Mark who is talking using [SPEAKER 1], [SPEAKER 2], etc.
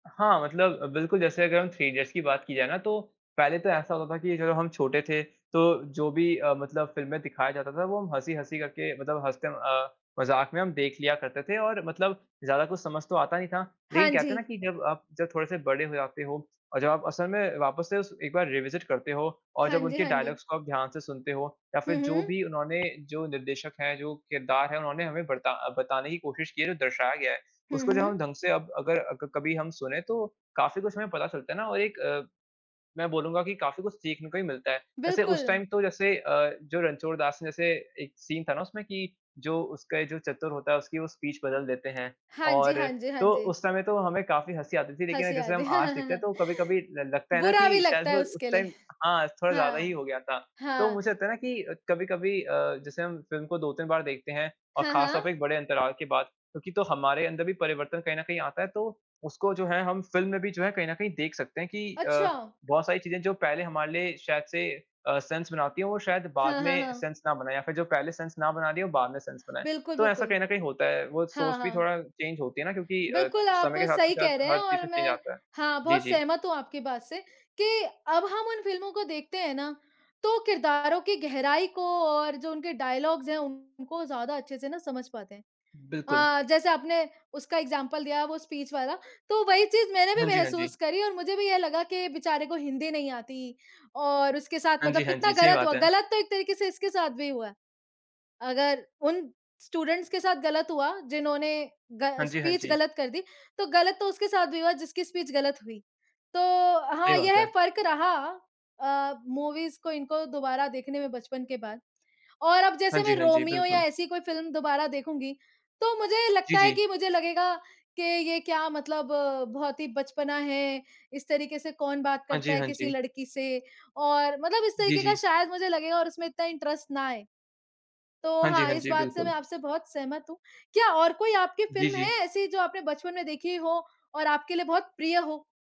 [SPEAKER 1] हाँ, मतलब अ, बिल्कुल जैसे अगर हम थ्री इडियट्स की बात की जाए ना तो, पहले तो ऐसा होता था कि जब हम छोटे थे, तो जो भी अ, मतलब फ़िल्म में दिखाया जाता था वो हम हँसी-हँसी करके मतलब हँसते अ, मज़ाक में हम देख लिया करते थे और मतलब ज़्यादा कुछ समझ तो आता नहीं था। लेकिन
[SPEAKER 2] हाँ
[SPEAKER 1] कहते हैं ना
[SPEAKER 2] जी।
[SPEAKER 1] कि जब आप जब थोड़े से बड़े हो जाते हो और जब आप असल में वापस से उस एक बार रिविसिट करते हो और
[SPEAKER 2] हाँ
[SPEAKER 1] जब
[SPEAKER 2] जी,
[SPEAKER 1] उनके
[SPEAKER 2] हाँ जी।
[SPEAKER 1] डायलॉग्स को आप ध्यान से सुनते हो या
[SPEAKER 2] हुँ,
[SPEAKER 1] फिर जो
[SPEAKER 2] हुँ।
[SPEAKER 1] भी उन्होंने जो निर्देशक है, जो किरदार है उन्होंने हमें बरता बताने की कोशिश की है, जो दर्शाया गया है
[SPEAKER 2] हुँ,
[SPEAKER 1] उसको जब हम
[SPEAKER 2] हुँ।
[SPEAKER 1] ढंग से अब अगर अ, क कभी हम सुने तो काफ़ी कुछ हमे पता चलता है ना और एक अ, मैं बोलूँगा कि काफ़ी कुछ सीखने को ही मिलता है। वैसे उस
[SPEAKER 2] बिल्कुल।
[SPEAKER 1] टाइम तो जैसे अ, जो रणछोड़ दास ने जैसे एक सीन था ना उसमें कि जो उसका ये जो चतुर होता है उसकी वो स्पीच बदल देते हैं
[SPEAKER 2] हाँ जी,
[SPEAKER 1] और
[SPEAKER 2] हाँ जी, हाँ
[SPEAKER 1] तो
[SPEAKER 2] जी।
[SPEAKER 1] उस समय तो हमें काफ़ी हँसी आती थी। लेकिन
[SPEAKER 2] हँसी
[SPEAKER 1] जैसे
[SPEAKER 2] आती।
[SPEAKER 1] हम आज देखते हैं तो कभी-कभी ल लगता है ना
[SPEAKER 2] बुरा भी
[SPEAKER 1] कि शायद
[SPEAKER 2] लगता
[SPEAKER 1] वो
[SPEAKER 2] है
[SPEAKER 1] उस
[SPEAKER 2] उसके लिए।
[SPEAKER 1] टाइम हाँ, थोड़ा ज़्यादा ही
[SPEAKER 2] हाँ,
[SPEAKER 1] हो गया था। तो
[SPEAKER 2] हाँ।
[SPEAKER 1] मुझे लगता है ना कि कभी-कभी अ, जैसे हम फ़िल्म को 2-3 बार देखते हैं और
[SPEAKER 2] हाँ,
[SPEAKER 1] खासतौर पर
[SPEAKER 2] हाँ।
[SPEAKER 1] एक बड़े अंतराल के बाद क्योंकि तो हमारे अंदर भी परिवर्तन कहीं न कहीं आता है। तो उसको जो है हम फ़िल्म में भी जो है कहीं न कहीं देख सकते है कि अ,
[SPEAKER 2] अच्छा!
[SPEAKER 1] बहुत सारी चीज़े हैं जो पहले हमारे लिए शायद से अ, सेंस बनाती है, वो शायद बाद
[SPEAKER 2] हाँ, हाँ,
[SPEAKER 1] में
[SPEAKER 2] हाँ।
[SPEAKER 1] सेंस ना बनाएँ या फिर जो पहले सेंस ना बना रही हो बाद में सेंस बनाएँ।
[SPEAKER 2] बिल्कुल,
[SPEAKER 1] तो ऐसा
[SPEAKER 2] बिल्कुल।
[SPEAKER 1] कहीं न कहीं होता है वो
[SPEAKER 2] हाँ,
[SPEAKER 1] सोच भी
[SPEAKER 2] हाँ।
[SPEAKER 1] थोड़ा चेंज होती है ना क्योंकि अ,
[SPEAKER 2] बिल्कुल, आप
[SPEAKER 1] समय के साथ ना
[SPEAKER 2] सही
[SPEAKER 1] शायद
[SPEAKER 2] कह रहे हैं
[SPEAKER 1] हर चीज़
[SPEAKER 2] और
[SPEAKER 1] में चेंज
[SPEAKER 2] मैं
[SPEAKER 1] आता है।
[SPEAKER 2] हाँ,
[SPEAKER 1] जी,
[SPEAKER 2] बहुत
[SPEAKER 1] जी।
[SPEAKER 2] सहमत हूँ आपकी बात से कि अब हम उन फ़िल्मों को देखते हैं ना, तो किरदारों की गहराई को और जो उनके डायलॉग्स हैं उनको ज़्यादा अच्छे से ना समझ पाते हैं।
[SPEAKER 1] बिल्कुल।
[SPEAKER 2] अ, जैसे आपने उसका एग्ज़ाम्पल दिया वो स्पीच वाला। तो वही चीज़ मैंने भी
[SPEAKER 1] हाँ जी, हाँ जी।
[SPEAKER 2] महसूस करी और मुझे भी ये लगा कि बेचारे को हिंदी नहीं आती और उसके साथ
[SPEAKER 1] हाँ जी,
[SPEAKER 2] मतलब
[SPEAKER 1] हाँ
[SPEAKER 2] कितना
[SPEAKER 1] जी, सही
[SPEAKER 2] गलत
[SPEAKER 1] बात
[SPEAKER 2] हुआ,
[SPEAKER 1] है।
[SPEAKER 2] गलत तो एक तरीके से इसके साथ भी हुआ है। अगर उन स्टूडेंट्स के साथ गलत हुआ जिन्होंने ग
[SPEAKER 1] हाँ जी, हाँ
[SPEAKER 2] स्पीच
[SPEAKER 1] जी।
[SPEAKER 2] गलत कर दी, तो गलत तो उसके साथ भी हुआ जिसकी स्पीच गलत हुई। तो
[SPEAKER 1] सही
[SPEAKER 2] हाँ,
[SPEAKER 1] बात
[SPEAKER 2] यह
[SPEAKER 1] है।
[SPEAKER 2] फ़र्क रहा अ, मूवीज़ को इनको दोबारा देखने में बचपन के बाद। और अब
[SPEAKER 1] हाँ
[SPEAKER 2] जैसे मैं
[SPEAKER 1] जी, हाँ जी,
[SPEAKER 2] रोमियो या
[SPEAKER 1] बिल्कुल।
[SPEAKER 2] ऐसी कोई फ़िल्म दोबारा देखूँगी, तो मुझे
[SPEAKER 1] जी,
[SPEAKER 2] लगता है
[SPEAKER 1] जी।
[SPEAKER 2] कि मुझे लगेगा कि ये क्या मतलब बहुत ही बचपना है, इस तरीके से कौन बात
[SPEAKER 1] हाँ
[SPEAKER 2] करता
[SPEAKER 1] जी,
[SPEAKER 2] है
[SPEAKER 1] हाँ
[SPEAKER 2] किसी
[SPEAKER 1] जी।
[SPEAKER 2] लड़की से? और मतलब इस
[SPEAKER 1] जी,
[SPEAKER 2] तरीके का
[SPEAKER 1] जी।
[SPEAKER 2] शायद मुझे लगेगा और उसमें इतना इंटरेस्ट ना आए। तो
[SPEAKER 1] हाँ जी,
[SPEAKER 2] हाँ,
[SPEAKER 1] हाँ
[SPEAKER 2] इस
[SPEAKER 1] जी,
[SPEAKER 2] बात से मैं
[SPEAKER 1] बिल्कुल।
[SPEAKER 2] आपसे बहुत सहमत हूँ, क्या और कोई आपकी
[SPEAKER 1] जी,
[SPEAKER 2] फ़िल्म है
[SPEAKER 1] जी।
[SPEAKER 2] ऐसी जो आपने बचपन में देखी हो और आपके लिए बहुत प्रिय हो?